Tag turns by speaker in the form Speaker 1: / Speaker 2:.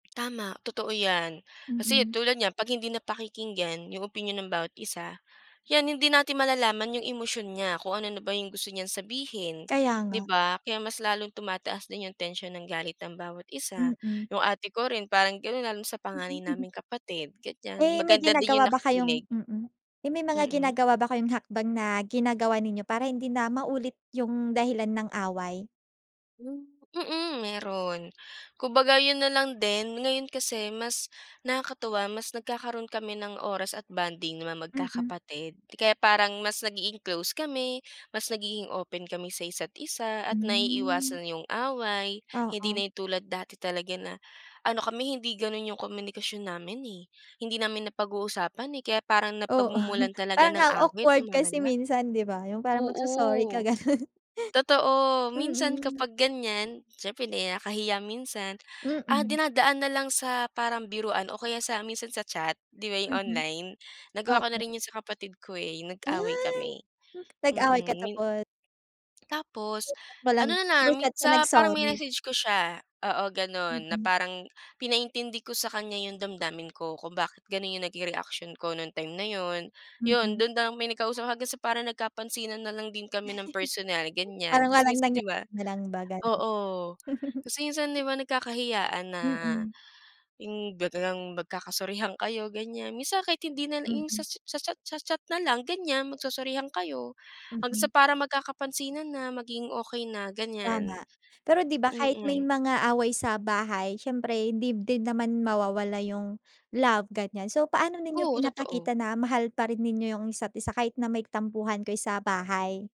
Speaker 1: Tama, totoo 'yan. Kasi
Speaker 2: Mm.
Speaker 1: tulad niyan 'pag hindi napakikinggan yung opinyon ng bawat isa, yan, hindi natin malalaman yung emosyon niya kung ano na ba yung gusto niyang sabihin,
Speaker 2: Kaya
Speaker 1: di
Speaker 2: nga.
Speaker 1: ba? Kaya mas lalong tumataas din yung tensyon ng galit ng bawat isa.
Speaker 2: Mm.
Speaker 1: Yung ate ko rin parang gano'n lalo na sa panganay naming kapatid, ganiyan.
Speaker 2: Eh, may
Speaker 1: Maganda din yung
Speaker 2: ginagawa ba kayong
Speaker 1: nakikinig.
Speaker 2: mm. Eh, may mga
Speaker 1: Mm.
Speaker 2: ginagawa ba kayong hakbang na ginagawa ninyo para hindi na maulit yung dahilan ng away?
Speaker 1: Hmm, mm, meron. Kumbaga, 'yon nalang din. Ngayon kasi mas nakakatuwa, mas nagkakaroon kami ng oras at bonding ng mga
Speaker 2: Mm.
Speaker 1: magkakapatid. Kaya parang mas nagiging close kami, mas nagiging open kami sa isa't isa, at
Speaker 2: Hmm.
Speaker 1: naiiwasan yung away, hindi
Speaker 2: Oo.
Speaker 1: na yung tulad dati talaga na ano kami, hindi gano'n yung komunikasyon namin eh. Hindi namin napag-uusapan eh, kaya parang
Speaker 2: Oo,
Speaker 1: napagmumulan talaga
Speaker 2: parang
Speaker 1: ng
Speaker 2: ang
Speaker 1: awit,
Speaker 2: awkward kasi
Speaker 1: lumalala.
Speaker 2: minsan di ba, yung parang magso-sorry ka,
Speaker 1: Oo.
Speaker 2: ganun.
Speaker 1: Totoo, minsan
Speaker 2: Mm.
Speaker 1: kapag ganiyan, siyempre nahi nakakahiya minsan, ah,
Speaker 2: Mm.
Speaker 1: dinadaan nalang sa parang biruan o kaya sa minsan sa chat, di ba, yung
Speaker 2: Mm.
Speaker 1: online? Nagawa ko na
Speaker 2: Oo.
Speaker 1: rin 'yon sa kapatid ko eh, yung nag-away
Speaker 2: Ay,
Speaker 1: kami.
Speaker 2: nag-away ka
Speaker 1: Mm, min
Speaker 2: tapot
Speaker 1: Tapos,
Speaker 2: Through chat mo lang
Speaker 1: ano
Speaker 2: through
Speaker 1: nalang
Speaker 2: chat ka
Speaker 1: sa parang
Speaker 2: nag-sorry?
Speaker 1: minessage ko siya, oo, gano'n, na
Speaker 2: Mm.
Speaker 1: parang pinaintindi ko sa kanya yung damdamin ko kung bakit gano'n yung naging reaction ko nung time na 'yon. Iyon,
Speaker 2: Mm.
Speaker 1: do'n na kami nagkausap hanggang sa parang nagkapansinan na lang din kami ng personal, ganiyan.
Speaker 2: Parang
Speaker 1: Kasi
Speaker 2: walang
Speaker 1: minsan di
Speaker 2: nangyari
Speaker 1: ba,
Speaker 2: na lang ba, gano'n.
Speaker 1: oo, kasi minsan di ba nagkakahiyaan na
Speaker 2: Mm.
Speaker 1: yung biglang magkakasorihan kayo, ganiyan. Minsan kahit hindi nalang yung
Speaker 2: Mm.
Speaker 1: sa cha sa cha sa chat nalang, ganiyan, magsosorihan kayo. Hanggang sa
Speaker 2: Mm.
Speaker 1: parang magkakapansinan na, maging okey na,
Speaker 2: Tama,
Speaker 1: ganiyan.
Speaker 2: pero di ba kahit may
Speaker 1: Mm.
Speaker 2: mga away sa bahay siyempre hindi din naman mawawala yung love, ganiyan. So, paano ninyo
Speaker 1: Oo, totoo.
Speaker 2: pinapakita na mahal pa rin ninyo yung isa't isa kahit na may tampuhan kayo sa bahay?